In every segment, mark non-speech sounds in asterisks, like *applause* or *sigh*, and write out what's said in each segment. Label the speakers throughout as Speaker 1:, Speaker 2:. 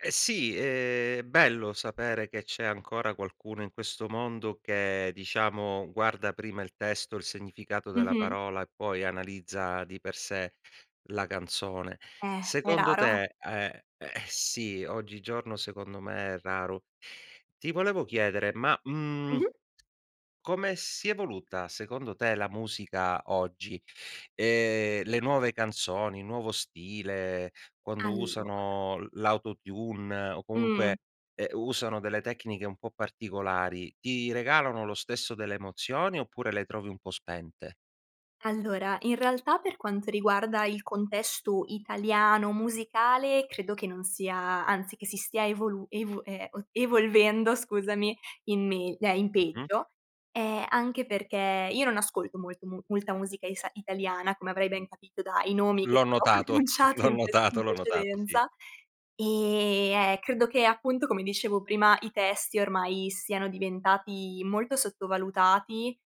Speaker 1: Eh sì, è bello sapere che c'è ancora qualcuno in questo mondo che, diciamo, guarda prima il testo, il significato della
Speaker 2: Mh-mh.
Speaker 1: parola e poi analizza di per sé la canzone.
Speaker 2: Eh, è
Speaker 1: Secondo
Speaker 2: raro.
Speaker 1: te è eh sì, oggigiorno secondo me è raro. Ti volevo chiedere: ma, mhmm,
Speaker 2: Mh-mh.
Speaker 1: come si è evoluta secondo te la musica oggi? Ehm, le nuove canzoni, nuovo stile, quando
Speaker 2: Allora
Speaker 1: usano l l' autotune o
Speaker 2: Mh.
Speaker 1: comunque, ehm, usano delle tecniche un po' particolari, ti regalano lo stesso delle emozioni oppure le trovi un po' spente?
Speaker 2: Allora, in realtà per quanto riguarda il contesto italiano musicale credo che non sia anzi che si stia evolu ev eh, evolvendo scusami, in megl eh in
Speaker 1: Mh-mh.
Speaker 2: peggio, ehm, anche perché io non ascolto molto mu molta musica isa italiana come avrei ben capito dai nomi che
Speaker 1: L'ho
Speaker 2: ti ho
Speaker 1: notato.
Speaker 2: pronunciato
Speaker 1: L'ho
Speaker 2: in prece
Speaker 1: notato,
Speaker 2: in
Speaker 1: l'ho notato, sì.
Speaker 2: precedenza, e, eh, credo che, appunto, come dicevo prima, i testi ormai siano diventati molto sottovalutati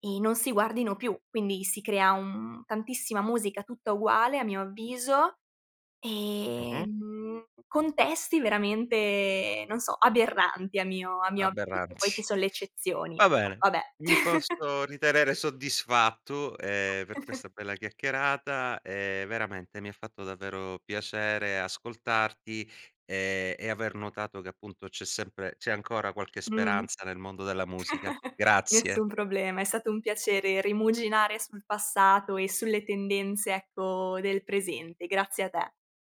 Speaker 2: e non si guardino più, quindi si crea, un tantissima musica tutta uguale a mio avviso e,
Speaker 1: Mh-mh.
Speaker 2: mhmm, contesti veramente, non so, aberranti a mio a
Speaker 1: Aberranti.
Speaker 2: mio avviso. Poi ci
Speaker 1: *chuckles*
Speaker 2: son le eccezioni,
Speaker 1: Va
Speaker 2: però
Speaker 1: bene.
Speaker 2: vabbè.
Speaker 1: Mi
Speaker 2: *chuckles*
Speaker 1: posso ritenere soddisfatto, ehm, per
Speaker 2: *chuckles*
Speaker 1: questa bella chiacchierata, ehm, veramente mi ha fatto davvero piacere ascoltarti e e aver notato che appunto c'è sempre c'è ancora qualche
Speaker 2: Mh-mh.
Speaker 1: speranza nel mondo della musica.
Speaker 2: *chuckles*
Speaker 1: Grazie.
Speaker 2: nessun problema, è stato un piacere rimuginare sul passato e sulle tendenze, ecco, del presente. Grazie a te.